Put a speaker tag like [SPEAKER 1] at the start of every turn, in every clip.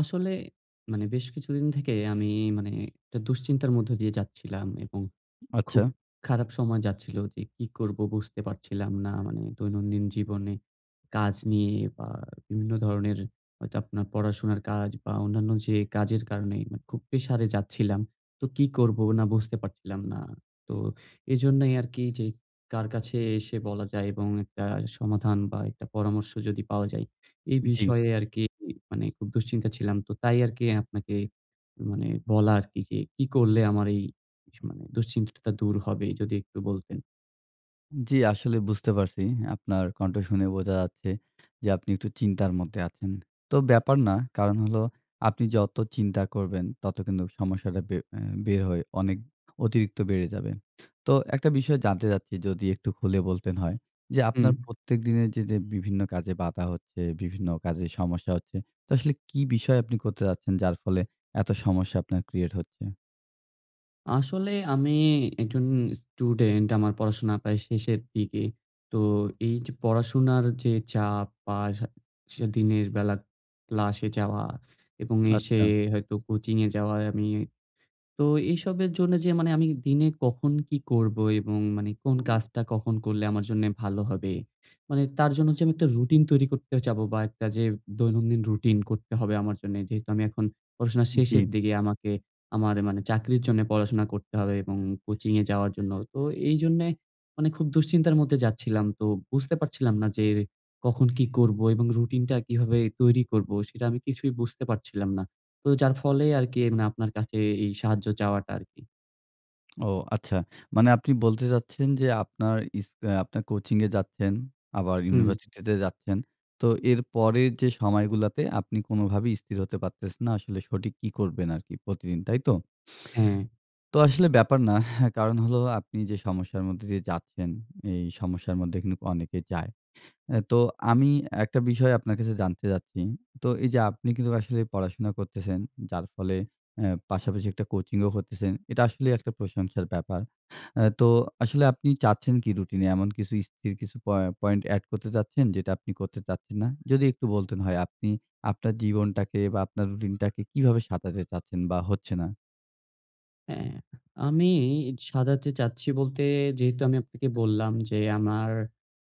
[SPEAKER 1] আসলে মানে বেশ কিছুদিন থেকে আমি মানে একটা দুশ্চিন্তার মধ্য দিয়ে যাচ্ছিলাম এবং
[SPEAKER 2] আচ্ছা।
[SPEAKER 1] খুব খারাপ সময় যাচ্ছিল যে কি করবো বুঝতে পারছিলাম না মানে দৈনন্দিন জীবনে কাজ নিয়ে বা বিভিন্ন ধরনের হয়তো আপনার পড়াশোনার কাজ বা অন্যান্য যে কাজের কারণে খুব প্রেশারে যাচ্ছিলাম। তো কি করবো না বুঝতে পারছিলাম না। তো এজন্যই আরকি এই যে কার কাছে এসে বলা যায় এবং একটা সমাধান বা একটা পরামর্শ যদি পাওয়া যায়। এই
[SPEAKER 2] উ জি।
[SPEAKER 1] বিষয়ে আরকি মানে খুব দুশ্চিন্তা ছিলাম। তো তাই আরকি আপনাকে মানে বলা আরকি যে কি করলে আমার এই ইস মানে দুশ্চিন্তাটা দূর হবে যদি একটু বলতেন?
[SPEAKER 2] জি, আসলে বুঝতে পারছি। আপনার কণ্ঠ শুনে বোঝা যাচ্ছে যে আপনি একটু চিন্তার মধ্যে আছেন। তো ব্যাপার না কারণ হলো আপনি যত চিন্তা করবেন ততো কিন্তু সমস্যাটা বে এ বের হয় অনেক অতিরিক্ত বেড়ে যাবে। তো একটা বিষয় জানতে চাচ্ছি যদি একটু খুলে বলতেন হয় যে
[SPEAKER 1] হুম।
[SPEAKER 2] আপনার প্রত্যেক দিনের যে যে বিভিন্ন কাজে বাধা হচ্ছে, বিভিন্ন কাজে সমস্যা হচ্ছে। তো আসলে কি বিষয় আপনি করতে যাচ্ছেন যার ফলে এত সমস্যা আপনার ক্রিয়েট হচ্ছে?
[SPEAKER 1] আসলে আমি একজন স্টুডেন্ট আমার পড়াশোনা প্রায় শেষের দিকে। তো এই যে পড়াশোনার যে চাপ বা স স দিনের বেলা ক্লাসে যাওয়া এবং এসে
[SPEAKER 2] আচ্ছা।
[SPEAKER 1] হয়তো কোচিং এ যাওয়ায় আমি তো এসবের জন্য যে মানে আমি দিনে কখন কী করব এবং মানে কোন কাজটা কখন করলে আমার জন্য ভালো হবে মানে তার জন্য যে আমি একটা রুটিন তৈরি করতে যাবো বা একটা যে দৈনন্দিন রুটিন করতে হবে আমার জন্য। যেহেতু আমি এখন পড়াশোনা শেষের
[SPEAKER 2] জী।
[SPEAKER 1] দিকে আমাকে আমার মানে চাকরির পড়াশোনা করতে হবে এবং কোচিং এ যাওয়ার জন্য। তো এই জন্যে মানে খুব দুশ্চিন্তার মধ্যে যাচ্ছিলাম। তো বুঝতে পারছিলাম না যে কখন কী করব এবং রুটিনটা কিভাবে তৈরি করব সেটা আমি কিছুই বুঝতে পারছিলাম না। তো যার ফলে আরকি এমনে আপনার কাছে এই সাহায্য চাওয়াটা আরকি।
[SPEAKER 2] ও আচ্ছা। মানে আপনি বলতে চাচ্ছেন যে আপনার ইস আপনার কোচিং-এ যাচ্ছেন, আবার
[SPEAKER 1] হুম।
[SPEAKER 2] ইউনিভার্সিটি তে যাচ্ছেন। তো এর পরের যে সময়গুলাতে আপনি কোনোভাবেই স্থির হতে পারতেছেন না। আসলে সঠিক কী করবেন আরকি প্রতিদিন, তাই তো?
[SPEAKER 1] হ্যাঁ।
[SPEAKER 2] তো আসলে ব্যাপার না। কারণ হলো আপনি যে সমস্যার মধ্য দিয়ে যাচ্ছেন, এই সমস্যার মধ্যে কিন্তু অনেকে যায়। অ্যা তো আমি আ একটা বিষয় আপনার কাছে জানতে চাচ্ছি। তো এই যে আপনি কিন্তু আসলে পড়াশোনা করতেছেন যার ফলে অ্যা পাশাপাশি একটা কোচিংও করতেছেন। এটা আসলেই একটা প্রশংসার ব্যাপার। অ্যা তো আসলে আপনি চাচ্ছেন কী রুটিন-এ এমন কিছু স্থির কিছু প পয়েন্ট এড করতে চাচ্ছেন যেটা আপনি করতে চাচ্ছেন না? যদি একটু বলতেন হয় আপনি আপনার জীবনটাকে বা আপনার রুটিন টাকে কিভাবে সাজাতে চাচ্ছেন বা হচ্ছে না?
[SPEAKER 1] হ্যাঁ। আমি ই সাজাতে চাচ্ছি বলতে যেহেতু আমি আপনাকে বললাম যে, আমার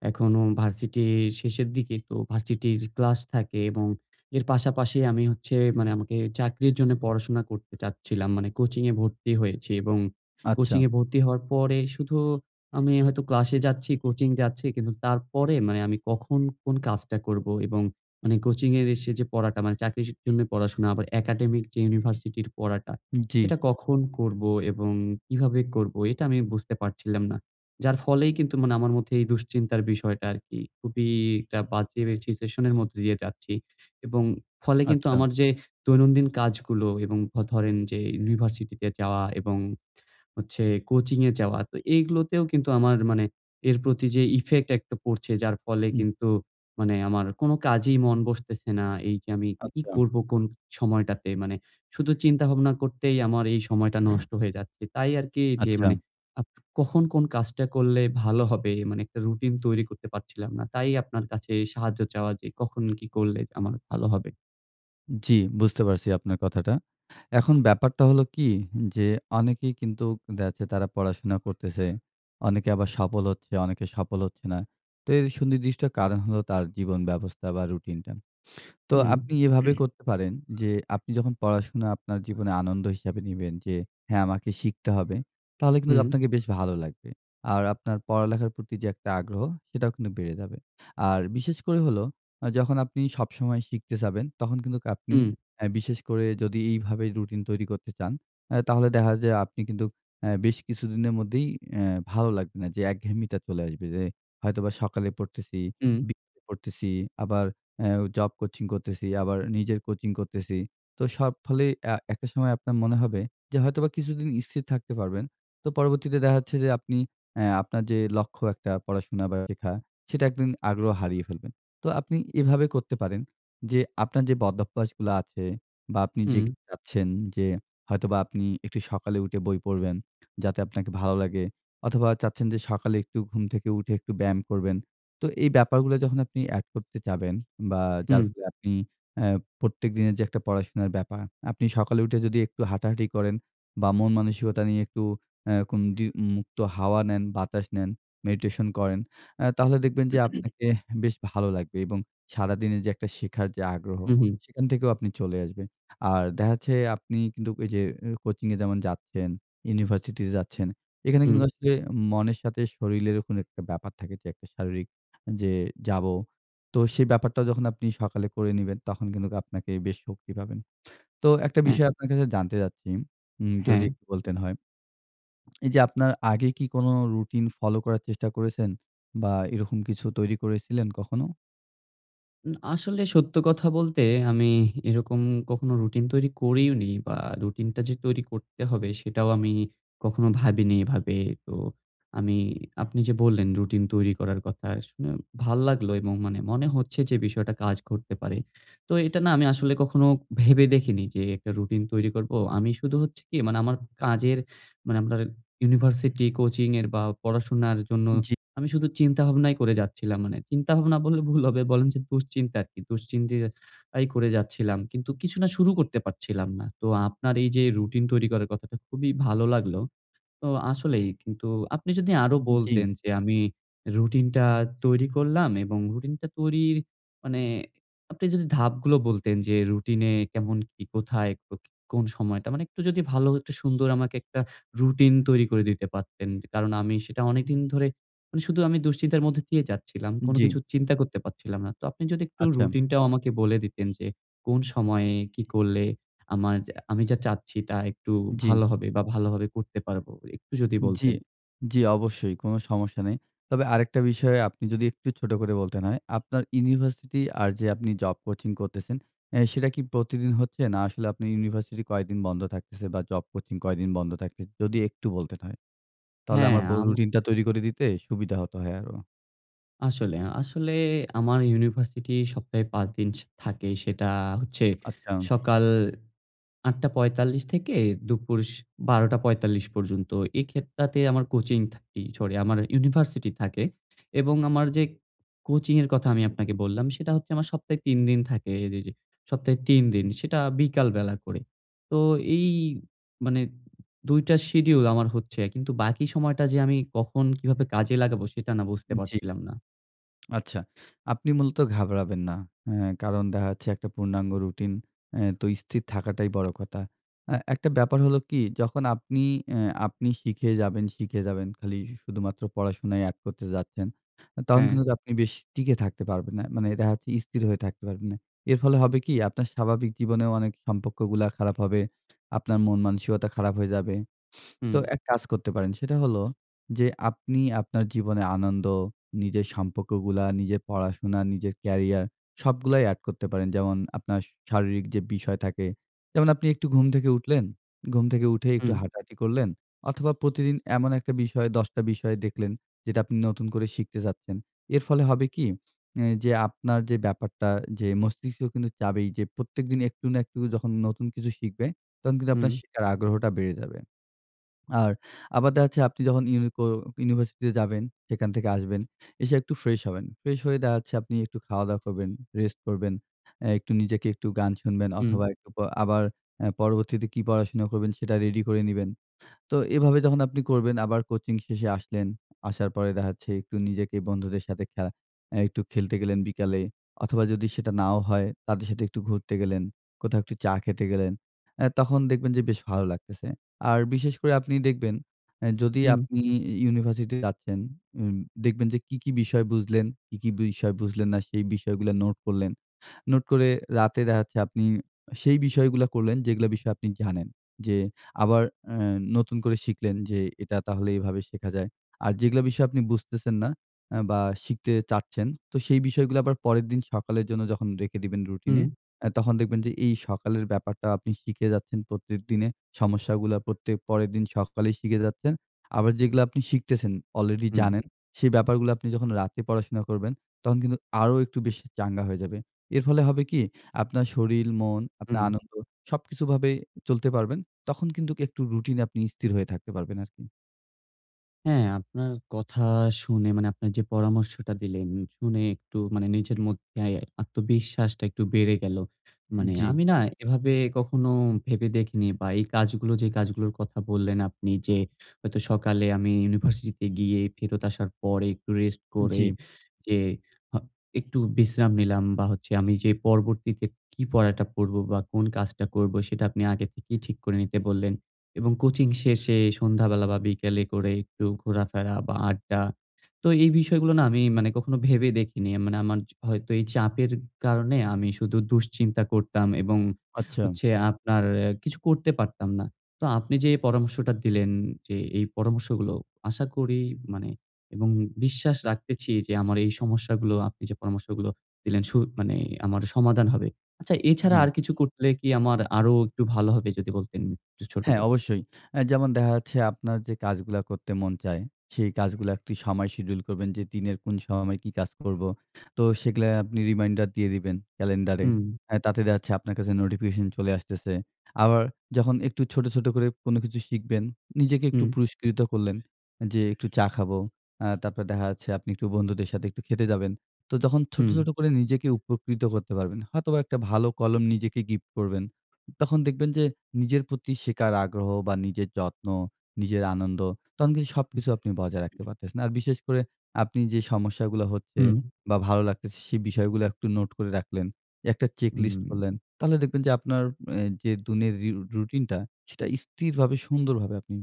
[SPEAKER 1] এখনো ভার্সিটির শেষের দিকে। তো ভার্সিটির ক্লাস থাকে এবং এর পাশাপাশি আমি হচ্ছে মানে আমাকে চাকরির জন্য পড়াশোনা করতে চাচ্ছিলাম। মানে কোচিং এ ভর্তি হয়েছি এবং
[SPEAKER 2] আচ্ছা।
[SPEAKER 1] কোচিং এ ভর্তি হওয়ার পরে শুধু আমি হয়তো ক্লাসে যাচ্ছি, কোচিং যাচ্ছি কিন্তু তারপরে মানে আমি কখন কোন কাজ করব এবং মানে কোচিং এর ইসে যে পড়াটা মানে চাকরির জন্য পড়াশোনা আবার একাডেমিক যে ইউনিভার্সিটির পড়াটা,
[SPEAKER 2] উম জ্বি।
[SPEAKER 1] সেটা কখন করব এবং কিভাবে করবো এটা আমি বুঝতে পারছিলাম না। যার ফলেই কিন্তু মানে আমার মধ্যে এই দুশ্চিন্তার বিষয়টা আরকি খুবই একটা বাজে সিচুয়েশন এর মধ্যে দিয়ে যাচ্ছি এবং ফলে কিন্তু আমার
[SPEAKER 2] আচ্ছা।
[SPEAKER 1] যে দৈনন্দিন কাজগুলো এবং ধ ধরেন যে ইউনিভার্সিটি তে যাওয়া এবং হচ্ছে কোচিং এ যাওয়া। তো এগুলোতেও কিন্তু আমার মানে এর প্রতি যে ইফেক্ট একটা পড়ছে যার ফলে
[SPEAKER 2] উম
[SPEAKER 1] কিন্তু মানে আমার কোন কাজেই মন বসতেছে না। এই যে আমি কি
[SPEAKER 2] আচ্ছা।
[SPEAKER 1] করব কোন সময়টাতে মানে শুধু চিন্তা ভাবনা করতেই আমার এই সময়টা নষ্ট হয়ে যাচ্ছে। তাই আরকি যে মানে
[SPEAKER 2] আচ্ছা।
[SPEAKER 1] [unintelligible] কখন কোন কাজটা করলে ভালো হবে, মানে একটা রুটিন তৈরি করতে পারছিলাম না। তাই আপনার কাছে সাহায্য চাওয়া যে, কখন কি করলে আমার ভালো হবে?
[SPEAKER 2] জি, বুঝতে পারছি, আপনার কথাটা। এখন ব্যাপারটা হলো কী যে অনেকেই কিন্তু দেখা যাচ্ছে তারা পড়াশোনা করতেসে। অনেকে আবার সফল হচ্ছে, অনেকে সফল হচ্ছে না। তো এর সুনির্দিষ্ট কারণ হলো তার জীবন ব্যবস্থা বা রুটিনটা। তো আপনি
[SPEAKER 1] উম।
[SPEAKER 2] এভাবে করতে পারেন যে আপনি যখন পড়াশোনা আপনার জীবনে আনন্দ হিসাবে নিবেন যে, হ্যাঁ, আমাকে শিখতে হবে, তাহলে কিন্তু
[SPEAKER 1] উম।
[SPEAKER 2] আপনাকে বেশ ভালো লাগবে। আর আপনার পড়ালেখার প্রতি যে একটা আগ্রহ, সেটাও কিন্তু বেড়ে যাবে। আর বিশেষ করে হলো আ যখন আপনি সবসময় শিখতে চাইবেন তখন কিন্তু আপনি
[SPEAKER 1] উম।
[SPEAKER 2] অ্যা বিশেষ করে যদি এইভাবে রুটিন তৈরি করতে চান, অ্যা তাহলে দেখা যায় আপনি কিন্তু অ্যা বেশ কিছুদিনের মধ্যেই অ্যা ভালো লাগবে না যে একঘেয়েমিটা চলে আসবে যে হয়তোবা সকালে পড়তেছি,
[SPEAKER 1] উম।
[SPEAKER 2] বিকেলে পড়তেছি। আবার অ্যাও জব কোচিং করতেসি, আবার নিজের কোচিং করতেসি। তো সব ফলেই অ্যা একটা সময় আপনার মনে হবে যে হয়তোবা কিছুদিন স্থির থাকতে পারবেন। তো পরবর্তীতে দেখা যাচ্ছে যে আপনি অ্যা আপনার যে লক্ষ্য একটা পড়াশোনা বা শেখা, সেটা একদিন আগ্রহ হারিয়ে ফেলবেন। তো আপনি এভাবে করতে পারেন যে আপনার যে বদভ্যাসগুলা আছে বা আপনি যে
[SPEAKER 1] হুম।
[SPEAKER 2] চাচ্ছেন যে হয়তোবা আপনি একটু সকালে উঠে বই পড়বেন, যাতে আপনাকে ভালো লাগে অথবা চাচ্ছেন যে সকালে একটু ঘুম থেকে উঠে একটু ব্যায়াম করবেন। তো এই ব্যাপারগুলো যখন আপনি অ্যাড করতে চাইবেন বা যার
[SPEAKER 1] হুম।
[SPEAKER 2] ফলে আপনি অ্যা প্রত্যেক দিনের যে একটা পড়াশোনার ব্যাপার, আপনি সকালে উঠে যদি একটু হাঁটাহাঁটি করেন বা মন মানসিকতা নিয়ে একটু অ্যা কোন দি মুক্ত হাওয়া নেন, বাতাস নেন, মেডিটেশন করেন, অ্যা তাহলে দেখবেন যে আপনাকে অ্যাহ বেশ ভালো লাগবে এবং সারাদিনের যে একটা শেখার যে আগ্রহ,
[SPEAKER 1] উ হুঁ।
[SPEAKER 2] সেখান থেকেও আপনি চলে আসবেন। আর দেখা যাচ্ছে আপনি কিন্তু ঐ যে আ কোচিং-এ যেমন যাচ্ছেন, ইউনিভার্সিটিতে যাচ্ছেন, এখানে
[SPEAKER 1] হুম।
[SPEAKER 2] কিন্তু আসলে মনের সাথে শরীরেরও কোনো একটা ব্যাপার থাকে যে একটা শারীরিক যে যাব। তো সেই ব্যাপারটা যখন আপনি সকালে করে নিবেন, তখন কিন্তু আপনাকে বেশ শক্তি পাবেন। তো একটা
[SPEAKER 1] হ্যাঁ।
[SPEAKER 2] বিষয় আপনার কাছে জানতে চাচ্ছি। হুম, যদি
[SPEAKER 1] হ্যাঁ।
[SPEAKER 2] একটু বলতেন হয়। এই যে আপনার আগে কী কোনো রুটিন ফলো করার চেষ্টা করেছেন বা এরকম কিছু তৈরি করেছিলেন কখনো?
[SPEAKER 1] উ আসলে সত্য কথা বলতে আমি এরকম কখনো রুটিন তৈরি করিওনি বা রুটিন টা যে তৈরি করতে হবে সেটাও আমি কখনো ভাবিনি এভাবে। তো আমি আপনি যে বললেন রুটিন তৈরি করার কথা শুনে ভাল্লাগলো এবং মানে মনে হচ্ছে যে বিষয়টা কাজ করতে পারে। তো এটা না আমি আসলে কখনো ভেবে দেখিনি যে একটা রুটিন তৈরি করব। আমি শুধু হচ্ছে কী মানে আমার কাজের মানে আপনার ইউনিভার্সিটি, কোচিং এর বা পড়াশোনার জন্য
[SPEAKER 2] উন জী।
[SPEAKER 1] আমি শুধু চিন্তা ভাবনাই করে যাচ্ছিলাম। মানে চিন্তাভাবনা বললে ভুল হবে, বলেন যে দুশ্চিন্তা আরকি। দুশ্চিন্তা আই করে যাচ্ছিলাম। কিন্তু কিছু না শুরু করতে পারছিলাম না। তো আপনার এই যে রুটিন তৈরি করার কথাটা খুবই ভালো লাগলো। তো আসলেই কিন্তু আপনি যদি আরো বলতেন
[SPEAKER 2] জি-ম।
[SPEAKER 1] যে আমি রুটিনটা তৈরি করলাম এবং রুটিনটা তৈরির মানে আপনি যদি ধাপগুলো বলতেন যে রুটিন-এ কেমন কী কোথায়, কো কোন সময়টা মানে একটু যদি ভালো হ সুন্দর আমাকে একটা রুটিন তৈরি করে দিতে পারতেন। কারণ আমি সেটা অনেকদিন ধরে মানে শুধু আমি দুশ্চিন্তার মধ্যে দিয়ে যাচ্ছিলাম।
[SPEAKER 2] উন
[SPEAKER 1] কোনো
[SPEAKER 2] জ্বি।
[SPEAKER 1] কিছু চিন্তা করতে পাচ্ছিলাম না। তো আপনি যদি একটু
[SPEAKER 2] আচ্ছা।
[SPEAKER 1] রুটিন টাও আমাকে বলে দিতেন যে কোন সময়ে কী করলে আমার আমি যা চাচ্ছি তা একটু
[SPEAKER 2] জ্বী।
[SPEAKER 1] ভালো হবে বা ভালোভাবে করতে পারব। একটু যদি
[SPEAKER 2] জি,
[SPEAKER 1] বলতেন।
[SPEAKER 2] জি অবশ্যই। কোনো সমস্যা নাই। তবে আরেকটা বিষয় আপনি যদি একটু ছোট করে বলতেন হয়, আপনার ইউনিভার্সিটি আর যে আপনি জব কোচিং করতেছেন, অ্যা সেটা কী প্রতিদিন হচ্ছে? না আসলে আপনার ইউনিভার্সিটি কয়েকদিন বন্ধ থাকতেছে বা জব কোচিং কয়দিন বন্ধ থাকতেছে? যদি একটু বলতেন হয়, তাহলে
[SPEAKER 1] হ্যাঁ,
[SPEAKER 2] আমার ব
[SPEAKER 1] আম
[SPEAKER 2] রুটিনটা তৈরি করে দিতে সুবিধা হত, হ্যা আরো।
[SPEAKER 1] আসলে, আসলে আমার ইউনিভার্সিটি সপ্তাহে ৫ দিন ছ থাকে। সেটা হচ্ছে
[SPEAKER 2] আচ্ছা।
[SPEAKER 1] সকাল ৮:৪৫ থেকে দুপুর স ১২:৪৫ পর্যন্ত। এই খেতটাতে আমার কোচিং থাকি সরি আমার ইউনিভার্সিটি থাকে। এবং আমার যে কোচিং এর কথা আমি আপনাকে বললাম সেটা হচ্ছে আমার সপ্তাহে ৩ দিন থাকে। রে যে সপ্তাহে ৩ দিন সেটা বিকাল বেলা করে। তো এই মানে ২ টা শিডিউল আমার হচ্ছে। কিন্তু বাকি সময়টা যে আমি কখন কিভাবে কাজে লাগাবো সেটা না বুঝতে
[SPEAKER 2] উ জি
[SPEAKER 1] পাচ্ছিলাম না।
[SPEAKER 2] আচ্ছা, আপনি মূলত ঘাবড়াবেন না। হ্যাঁ কারণ দেখা যাচ্ছে একটা পূর্ণাঙ্গ রুটিন এ তো স্থির থাকাটাই বড় কথা। এ্যা একটা ব্যাপার হলো কি, যখন আপনি এ আপনি শিখে যাবেন, শিখে যাবেন। খালি শুধুমাত্র পড়াশোনায় অ্যাড করতে যাচ্ছেন, তখন
[SPEAKER 1] হ্যাঁ।
[SPEAKER 2] কিন্তু আপনি বেশ টিকে থাকতে পারবেন না মানে এটা হচ্ছে স্থির হয়ে থাকতে পারবেন না। এর ফলে হবে কী? আপনার স্বাভাবিক জীবনেও অনেক সম্পর্কগুলা খারাপ হবে। আপনার মন মানসিকতা খারাপ হয়ে যাবে। তো
[SPEAKER 1] হুম।
[SPEAKER 2] এক কাজ করতে পারেন। সেটা হলো যে আপনি আপনার জীবনে আনন্দ নিজের সম্পর্কগুলা নিজের পড়াশোনা, নিজের কেরিয়ার সবগুলাই অ্যাড করতে পারেন যেমন আপনার স শারীরিক যে বিষয় থাকে। যেমন আপনি একটু ঘুম থেকে উঠলেন, ঘুম থেকে উঠে একটু
[SPEAKER 1] হুম।
[SPEAKER 2] হাঁটাহাঁটি করলেন অথবা প্রতিদিন এমন একটা বিষয় ১০ বিষয় দেখলেন যেটা আপনি নতুন করে শিখতে চাচ্ছেন। এর ফলে হবে কী? এ যে আপনার যে ব্যাপারটা যে মস্তিষ্ক কিন্তু চাইবেই যে প্রত্যেকদিন একটু না একটু যখন নতুন কিছু শিখবে তখন কিন্তু আপনার
[SPEAKER 1] হুম।
[SPEAKER 2] শেখার আগ্রহটা বেড়ে যাবে। আর আবার দেখাচ্ছে আপনি যখন ইউনিকো ইউনিভার্সিটি তে যাবেন সেখান থেকে আসবেন, এসে একটু ফ্রেশ হবেন। ফ্রেশ হয়ে দেখাচ্ছে আপনি একটু খাওয়া-দাওয়া করবেন, রেস্ট করবেন এ একটু নিজেকে একটু গান শুনবেন
[SPEAKER 1] উম
[SPEAKER 2] অথবা একটু প আবার আ পরবর্তীতে কি পড়াশোনা করবেন সেটা রেডি করে নিবেন। তো এভাবে যখন আপনি করবেন আবার কোচিং শেষে আসলেন আসার পরে দেখাচ্ছে একটু নিজেকে বন্ধুদের সাথে খ্যা এ একটু খেলতে গেলেন বিকালে অথবা যদি সেটা নাও হয় তাদের সাথে একটু ঘুরতে গেলেন, কোথাও একটু চা খেতে গেলেন, এ্যা তখন দেখবেন যে বেশ ভালো লাগতেছে। আর বিশেষ করে আপনি দেখবেন এ যদি
[SPEAKER 1] হু।
[SPEAKER 2] আপনি ই ইউনিভার্সিটিতে যাচ্ছেন উম দেখবেন যে কি, কি বিষয় বুঝলেন? কি, কি বিষয় বুঝলেন না সেই বিষয়গুলা নোট করলেন। নোট করে রাতে দেখাচ্ছে আপনি সেই বিষয়গুলা করলেন যেগুলা বিষয়ে আপনি জানেন। যে আবার এ্যা নতুন করে শিখলেন যে এটা তাহলে এভাবে শেখা যায়। আর যেগুলা বিষয়ে আপনি বুঝতেছেন না আ বা শিখতে চাচ্ছেন তো সেই বিষয়গুলা আবার পরের দিন সকালের জন্য যখন রেখে দিবেন রুটিনে
[SPEAKER 1] উম
[SPEAKER 2] আ তখন দেখবেন যে এই সকালের ব্যাপারটা আপনি শিখে যাচ্ছেন প্রত্যেকদিনে। সমস্যাগুলা প্রত্যেক পরের দিন সকালেই শিখে যাচ্ছেন। আবার যেগুলা আপনি শিখতেছেন অলরেডি
[SPEAKER 1] হুম।
[SPEAKER 2] জানেন সে ব্যাপারগুলা আপনি যখন রাতে পড়াশোনা করবেন তখন কিন্তু আরো একটু বেশি চাঙ্গা হয়ে যাবে। এর ফলে হবে কি আপনার শরীর মন, আপনার
[SPEAKER 1] হুম।
[SPEAKER 2] আনন্দ সবকিছু ভাবে চলতে পারবেন। তখন কিন্তু ক একটু রুটিন এ আপনি স্থির হয়ে থাকতে পারবেন আরকি।
[SPEAKER 1] হ্যাঁ, আপনার কথা শুনে মানে আপনার যে পরামর্শটা দিলেন শুনে একটু মানে নিজের মধ্যে আত্মবিশ্বাসটা একটু বেড়ে গেলো।
[SPEAKER 2] উ
[SPEAKER 1] মানে
[SPEAKER 2] জি।
[SPEAKER 1] আমি না এভাবে কখনো ভেবে দেখিনি বা এই কাজগুলো যে কাজগুলোর কথা বললেন আপনি যে, হয়তো সকালে আমি ইউনিভার্সিটি তে গিয়ে ফেরত আসার পরে একটু রেস্ট
[SPEAKER 2] উ
[SPEAKER 1] করে
[SPEAKER 2] জি।
[SPEAKER 1] যে আ একটু বিশ্রাম নিলাম বা হচ্ছে আমি যে পরবর্তীতে কি পড়াটা পড়বো বা কোন কাজটা করবো? সেটা আপনি আগে থেকেই ঠিক করে নিতে বললেন। এবং কোচিং শেষে সন্ধ্যাবেলা বা বিকেলে করে একটু ঘোরাফেরা বা আড্ডা। তো এই বিষয়গুলো না আমি মানে কখনো ভেবে দেখিনি। মানে আমার চ হয়তো এই চাপের কারণে আমি শুধু দুশ্চিন্তা করতাম এবং
[SPEAKER 2] আচ্ছা।
[SPEAKER 1] হচ্ছে আপনার এ কিছু করতে পারতাম না। তো আপনি যে এই পরামর্শটা দিলেন যে এই পরামর্শগুলো আশা করি মানে এবং বিশ্বাস রাখতেছি যে আমার এই সমস্যাগুলো আপনি যে পরামর্শগুলো দিলেন সু মানে আমার সমাধান হবে। আচ্ছা এছাড়া
[SPEAKER 2] জি।
[SPEAKER 1] আর কিছু করলে কি আমার আরো একটু ভালো হবে? যদি বলতেন একটু ছোট
[SPEAKER 2] হ্যাঁ,
[SPEAKER 1] করে।
[SPEAKER 2] অবশ্যই। অ্যা যেমন দেখা যাচ্ছে আপনার যে কাজগুলা করতে মন চায়, সেই কাজগুলা একটু সময় শিডিউল করবেন যে দিনের কোন সময় কি কাজ করবো? তো সেগুলা আপনি রিমাইন্ডার দিয়ে দিবেন ক্যালেন্ডারে
[SPEAKER 1] হু।
[SPEAKER 2] আ তাতে দেখাচ্ছে আপনার কাছে নোটিফিকেশন চলে আসতেছে। আবার যখন একটু ছোট, ছোট করে কোনো কিছু শিখবেন, নিজেকে একটু
[SPEAKER 1] উ
[SPEAKER 2] পুরস্কৃত করলেন যে একটু চা খাবো। আ তারপর দেখা যাচ্ছে আপনি একটু বন্ধুদের সাথে একটু খেতে যাবেন। তো ছোট, ছোট
[SPEAKER 1] হু।
[SPEAKER 2] করে নিজেকে উপকৃত করতে পারবেন। হয়তোবা একটা ভালো কলম নিজেকে গিফট করবেন। তখন দেখবেন যে নিজের প্রতি শেখার আগ্রহ বা নিজের যত্ন, নিজের আনন্দ তখন কিন্তু সবকিছু আপনি বজায় রাখতে পারতেছেন। আর বিশেষ করে আপনি যে সমস্যাগুলা হচ্ছে
[SPEAKER 1] হুম।
[SPEAKER 2] বা ভালো লাগতেছে সে বিষয়গুলা একটু নোট করে রাখলেন একটা
[SPEAKER 1] উ
[SPEAKER 2] চেকলিস্ট করলেন। তাহলে দেখবেন যে আপনার এ যে দিনের ঋ রুটিনটা সেটা স্থিরভাবে সুন্দরভাবে আপনি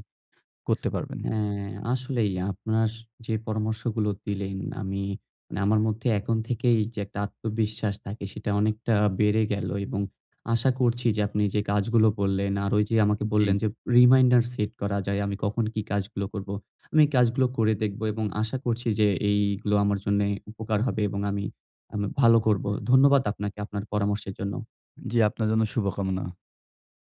[SPEAKER 2] করতে পারবেন।
[SPEAKER 1] হ্যাঁ, আসলেই আপনার স যে পরামর্শগুলো দিলেন আমি মানে আমার মধ্যে এখন থেকেই যে একটা আত্মবিশ্বাস থাকে সেটা অনেকটা বেড়ে গেলো এবং আশা করছি যে আপনি যে কাজগুলো বললেন আর ওই যে আমাকে
[SPEAKER 2] উ
[SPEAKER 1] বললেন
[SPEAKER 2] জি।
[SPEAKER 1] যে রিমাইন্ডার সেট করা যায়, আমি কখন কি কাজগুলো করবো। আমি এই কাজ গুলো করে দেখবো এবং আশা করছি যে এইগুলো আমার জন্যে উপকার হবে এবং আমি আ ভালো করবো। ধন্যবাদ আপনাকে আপনার পরামর্শের জন্য।
[SPEAKER 2] জি আপনার জন্য শুভকামনা।